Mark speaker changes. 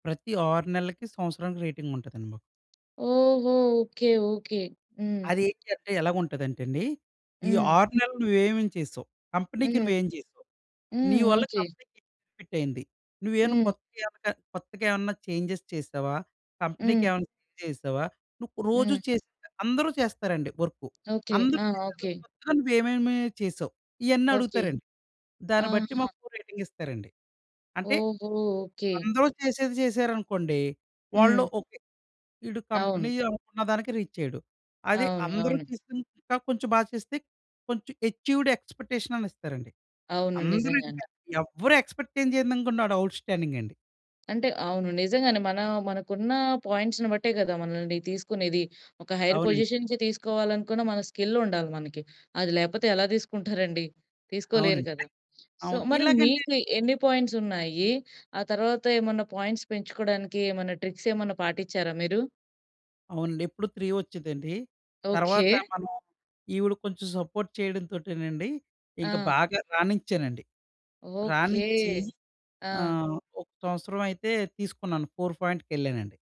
Speaker 1: ప్రతి 6 నెలలకి, సంవత్సరానికి రేటింగుంటుందండి మాకు.
Speaker 2: ఓహో! Okay okay. హ్మ్.
Speaker 1: అది ఏంటంటే ఎలాగుంటదంటే అండి, "ఈ
Speaker 2: హ్మ్.
Speaker 1: 6 నెలలు నువ్వు ఏమేమి చేసావ్? కంపెనీ‌కి
Speaker 2: హ్మ్.
Speaker 1: నువ్వేం చేసావ్? నీ
Speaker 2: హ్మ్.
Speaker 1: వల్ల
Speaker 2: ఓకే.
Speaker 1: కంపెనీ‌కి బెనిఫిటేంటి? నువ్వేమన్నా
Speaker 2: హ్మ్.
Speaker 1: కొత్తగేవన్న కొత్తగా ఏమన్నా చేంజెస్ చేసావా? కంపెనీ‌కి
Speaker 2: హ్మ్.
Speaker 1: ఏమన్నా చేంజ్ చేసావా? నువ్వు రోజు
Speaker 2: హ్మ్.
Speaker 1: చేసే అందరూ చేస్తారండి వర్కు.
Speaker 2: ఓకే.
Speaker 1: అందరూ
Speaker 2: ఆ!
Speaker 1: చేసే
Speaker 2: ఓకే.
Speaker 1: కొత్తగా నువ్వేమేమి చేసావ్?" ఇయన్నీ
Speaker 2: ఓకే.
Speaker 1: అడుగుతారండి. దాన్ని బట్టి
Speaker 2: ఆహా!
Speaker 1: మాకు రేటింగ్ ఇస్తారండి. అంటే
Speaker 2: ఓహో! ఓకే.
Speaker 1: అందరూ చేసేది చేశారనుకోండి వాళ్ళు
Speaker 2: హ్మ్.
Speaker 1: "ఓకే, వీడు కంపెనీ
Speaker 2: అవును.
Speaker 1: అనుకున్న దానికి రీచైయ్యడు." అది
Speaker 2: అవును
Speaker 1: అందరూ
Speaker 2: అవును.
Speaker 1: చేసింది ఇంకా కొంచెం బా చేస్తే కొంచెం అచీవ్‌డ్ ఎక్స్‌పెక్టేషనని ఇస్తారండి.
Speaker 2: అవును.
Speaker 1: అందరూ
Speaker 2: నిజంగానే.
Speaker 1: ఇంకా ఎవ్వరు ఎక్స్‌పెక్ట్ ఏం చేయందనుకుంటే వాడు అవుట్‌స్టాడింగ్ అండి.
Speaker 2: అంటే అవును. నిజంగానే మన మనకున్న పాయింట్స్‌ని బట్టే గదా! మనల్ని తీసుకునేది. ఒక హైర్
Speaker 1: అవునండి.
Speaker 2: పొజిషన్‌కి తీసుకోవాలనుకున్న మన స్కిలుండాలి మనకి. అది లేకపోతే ఎలా తీసుకుంటారండి. తీసుకోలేరు
Speaker 1: అవునండి.
Speaker 2: కదా! సో,
Speaker 1: అవును.
Speaker 2: మరి
Speaker 1: ఇలాగంటే
Speaker 2: మీకు ఎన్ని పాయింట్సున్నాయి? ఆ తర్వాత ఏమన్నా పాయింట్స్ పెంచుకోవడానికి ఏమన్నా ట్రిక్స్ ఏమన్నా పాటించారా మీరు?
Speaker 1: అవునండి. ఎప్పుడు 3 వోచ్చేదండి,
Speaker 2: ఓకే.
Speaker 1: తరువాత మనం ఈవిడ కొంచెం సపోర్ట్ చేయడంతోటేనండి ఇంక
Speaker 2: ఆ!
Speaker 1: బాగా రానించానండి.
Speaker 2: ఓకే.
Speaker 1: రానిచ్చి
Speaker 2: ఆ!
Speaker 1: ఆహ్, ఒక సంవత్సరమైతే తీసుకున్నాను, 4 ఫోయింట్‌కెళ్ళానండి.